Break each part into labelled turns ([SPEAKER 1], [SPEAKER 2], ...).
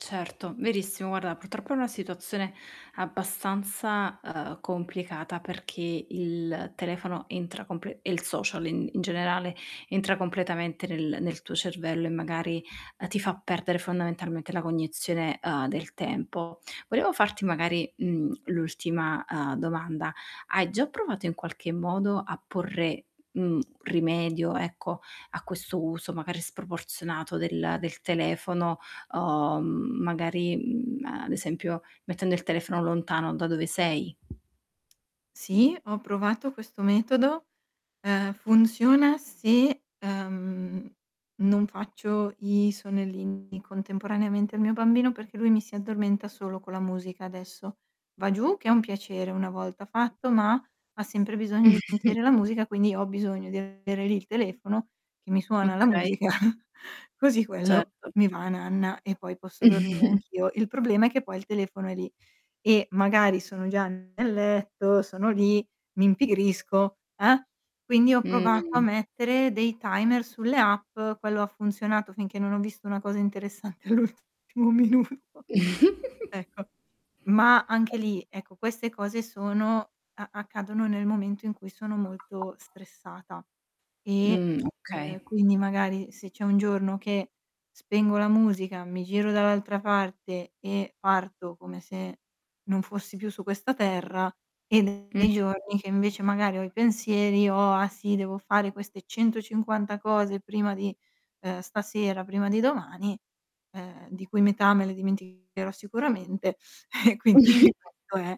[SPEAKER 1] Certo, verissimo, guarda purtroppo è una situazione abbastanza, uhm, complicata perché il telefono entra comple e il social, in in generale, entra completamente nel nel tuo cervello e magari, uhm, ti fa perdere fondamentalmente la cognizione, uhm, del tempo. Volevo farti magari, mhmm, l'ultima, uhm, domanda: hai già provato in qualche modo a porre, mhmm, rimedio, ecco, a questo uso magari sproporzionato del del telefono o, mhmm, magari, mhmm, ad esempio mettendo il telefono lontano da dove sei?
[SPEAKER 2] Sì, ho provato questo metodo. Uhm, funziona se, uhm, non faccio i sonnellini contemporaneamente al mio bambino, perché lui mi si addormenta solo con la musica, adesso. Va giù che è un piacere una volta fatto, ma ha sempre bisogno di sentire la musica quindi ho bisogno di avere lì il telefono che mi suona la
[SPEAKER 1] Okay.
[SPEAKER 2] musica così quello
[SPEAKER 1] Certo.
[SPEAKER 2] mi va nanna, e poi posso dormire anch'io. Il problema è che poi il telefono è lì, e magari sono già nel letto, sono lì, mi impigrisco, eh, quindi ho provato a
[SPEAKER 1] Mh.
[SPEAKER 2] mettere dei timer sulle app. Quello ha funzionato finché non ho visto una cosa interessante all'ultimo minuto. Ecco, ma anche lì, ecco, queste cose sono a accadono nel momento in cui sono molto stressata, e,
[SPEAKER 1] Mh, okay.
[SPEAKER 2] uhm, quindi magari se c'è un giorno che spengo la musica, mi giro dall'altra parte e parto come se non fossi più su questa Terra, e [unintelligible]
[SPEAKER 1] Mh.
[SPEAKER 2] nei giorni che invece magari ho i pensieri, ho: "Ah sì, devo fare queste 150 cose prima di, uhm, stasera, prima di domani, uhm, di cui metà me le dimenticherò sicuramente", eh, quindi questo è,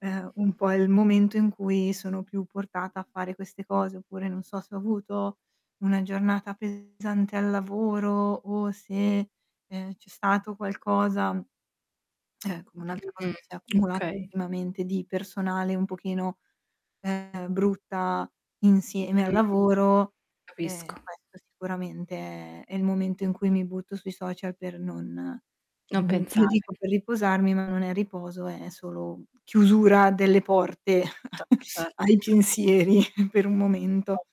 [SPEAKER 2] ehm, un po' il momento in cui sono più portata a fare queste cose. Oppure non so, se ho avuto una giornata pesante al lavoro o se, ehm, c'è stato qualcosa, mhmm eh, come un'altra cosa
[SPEAKER 1] Mh,
[SPEAKER 2] che si è accumulata
[SPEAKER 1] okay.
[SPEAKER 2] ultimamente di personale un pochino, uhm, brutta insieme al
[SPEAKER 1] Mh,
[SPEAKER 2] lavoro, uhm,
[SPEAKER 1] capisco.
[SPEAKER 2] questo sicuramente è il momento in cui mi butto sui social per non
[SPEAKER 1] Non
[SPEAKER 2] n io
[SPEAKER 1] pensare.
[SPEAKER 2] dico per riposarmi, ma non è riposo, è solo chiusura delle porte
[SPEAKER 1] Certo,
[SPEAKER 2] a
[SPEAKER 1] certo.
[SPEAKER 2] ai pensieri per un
[SPEAKER 1] Mh.
[SPEAKER 2] momento.